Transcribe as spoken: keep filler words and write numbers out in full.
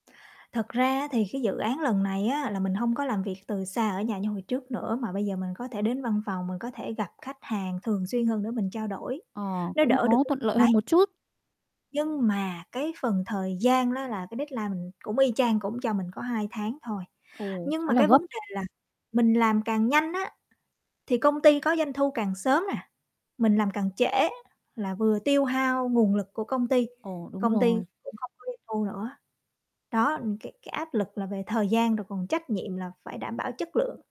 Thật ra á, thì cái dự án lần này á, là mình hông có làm việc từ xa ở nhà như hồi trước nữa, mà bây giờ mình có thể đến văn phòng, mình có thể gặp khách hàng thường xuyên hơn để mình trao đổi. Ờ, Nó cũng đỡ được có cái thuận phần lợi đấy. hơn một chút. Nhưng mà cái phần thời gian đó là cái deadline mình cũng y chang, cũng cho mình có hai tháng thôi. Ồ, Nhưng khá mà là cái gấp. vấn đề là mình làm càng nhanh á, thì công ty có doanh thu càng sớm nè. Mình làm càng trễ, là vừa tiêu hao nguồn lực của công ty, Ồ, đúng công ty rồi. cũng hông có doanh thu nữa. Đó, n cái cái áp lực là về thời gian, rồi còn trách nhiệm là phải đảm bảo chất lượng.